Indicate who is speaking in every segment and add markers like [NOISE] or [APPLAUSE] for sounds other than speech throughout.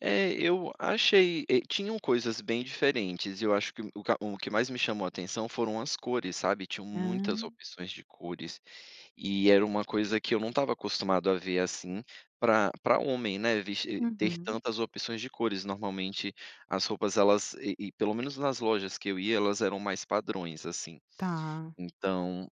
Speaker 1: É, eu achei. Eh, tinham coisas bem diferentes, e eu acho que o q o que mais me chamou atenção foram as cores, sabe. Tinham muitas
Speaker 2: Hã.
Speaker 1: opções de cores, e era uma coisa que eu não estava acostumado a ver assim para para homem, né, ves ter
Speaker 2: Uhum.
Speaker 1: tantas opções de cores. Normalmente, as roupas elas, e e pelo menos nas lojas que eu ia, elas eram mais padrões assim.
Speaker 2: Tá.
Speaker 1: Então,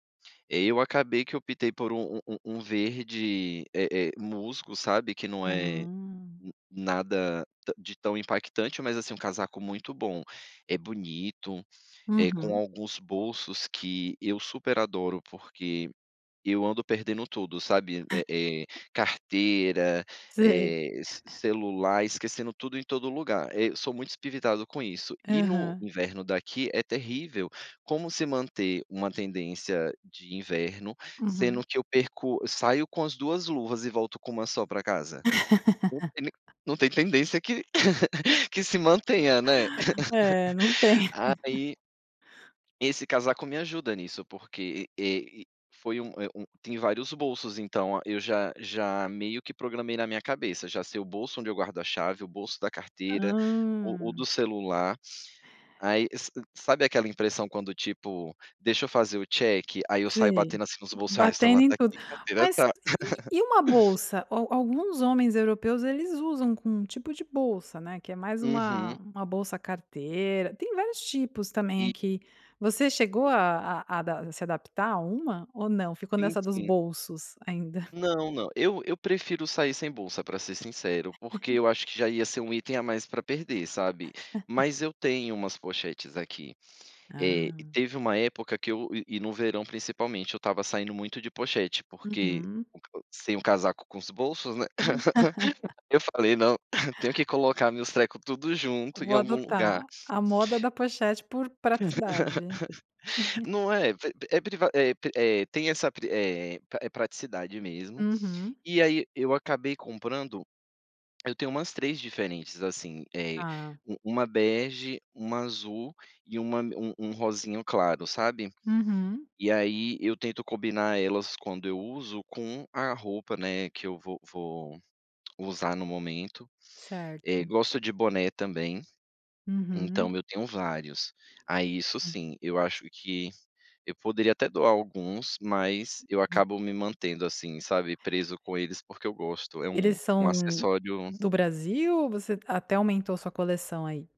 Speaker 1: e aí, acabei que optei por um um um verde, eh eh, musgo, sabe, que não é
Speaker 2: Ah.
Speaker 1: nada ta de tão impactante, mas assim um casaco muito bom. É bonito, eh, com
Speaker 2: Uhum.
Speaker 1: alguns bolsos que eu super adoro, porque eu ando perdendo tudo, sabe: eh eh,
Speaker 2: [LAUGHS]
Speaker 1: carteira,
Speaker 2: Sei.
Speaker 1: eh, ce
Speaker 2: [LAUGHS]
Speaker 1: celular, esquecendo tudo em todo lugar. Eh, eu sou muito espivitado com isso. E, no
Speaker 2: Aham.
Speaker 1: inverno daqui, é terrível. Como se manter uma tendência de inverno sendo
Speaker 2: Uhum.
Speaker 1: que eu perco eu saio com as 2 luvas e volto com uma só para casa? O temi
Speaker 2: [LAUGHS]
Speaker 1: não tem tendência que que se mantenha, né.
Speaker 2: É, não tem.
Speaker 1: [LAUGHS]
Speaker 2: [LAUGHS]
Speaker 1: Aí esse casaco me ajuda nisso, porque, eh eh foi um, eh, um tem vários bolsos. Então eu já já meio que programei na minha cabeça: "Já sei o bolso onde eu a chave, o bolso da carteira, o o do
Speaker 2: Hã.
Speaker 1: celular. Aí, sa sabe aquela impressão quando tipo: "Deixa eu fazer o check.", aí eu saio
Speaker 2: Sei,
Speaker 1: batendo assim os bolso: "Ai, o
Speaker 2: batendo
Speaker 1: celular
Speaker 2: em
Speaker 1: tá
Speaker 2: tudo.
Speaker 1: aqui, carteira
Speaker 2: Mas
Speaker 1: tá".
Speaker 2: e e
Speaker 1: [CHUCKLES]
Speaker 2: e uma bolsa? Al alguns homens europeus eles usam com um tipo de bolsa, né, que é mais uma
Speaker 1: Uhum.
Speaker 2: uma bolsa carteira tem vários tipos também
Speaker 1: E
Speaker 2: aqui. Você chegou a a adap se adaptar a uma ou não, ficou
Speaker 1: Sim,
Speaker 2: nessa dos
Speaker 1: sim.
Speaker 2: bolsos ainda?
Speaker 1: Não, não, eu eu prefiro sair sem bolsa, para ser sincero, porque
Speaker 2: [CHUCKLES]
Speaker 1: eu acho que já ia ser um item a mais para perder, sabe. Mas
Speaker 2: [LAUGHS]
Speaker 1: eu tenho umas pochetes aqui. Eh, e
Speaker 2: Ah.
Speaker 1: teve uma época que eu e e no verão, principalmente, eu estava saindo muito de pochete, porque
Speaker 2: Uhum.
Speaker 1: o o sem o casaco com os bolsos, né.
Speaker 2: [LAUGHS]
Speaker 1: [LAUGHS] Eu falei: "Não, [CHUCKLES] tenho que colocar meus treco tudo junto em
Speaker 2: Vou
Speaker 1: algum
Speaker 2: adotar:
Speaker 1: lugar.".
Speaker 2: a moda da pochete por praticidade.
Speaker 1: [LAUGHS]
Speaker 2: [CHUCKLES]
Speaker 1: Não é? Pri pri é priva é pri eh, tem essa pri eh eh, praticidade mesmo.
Speaker 2: Uhum.
Speaker 1: E aí, eu acabei comprando, eu tenho umas 3 diferentes assim: eh,
Speaker 2: Ah.
Speaker 1: um 1 bege, 1 azul e uma um um rosinha claro, sabe.
Speaker 2: Uhum.
Speaker 1: E aí, eu tento combinar elas quando eu uso com a roupa, né, que eu vou vou usar no momento. Eh,
Speaker 2: Certo.
Speaker 1: gosto de boné também,
Speaker 2: Uhum.
Speaker 1: então eu tenho vários. Aí, isso sim, eu acho que eu poderia até doar alguns, mas eu acabo me mantendo assim, sabe, preso com eles, porque eu gosto. É um
Speaker 2: Eles
Speaker 1: um
Speaker 2: são
Speaker 1: acessório
Speaker 2: do Brasil ou você até aumentou a sua coleção aí?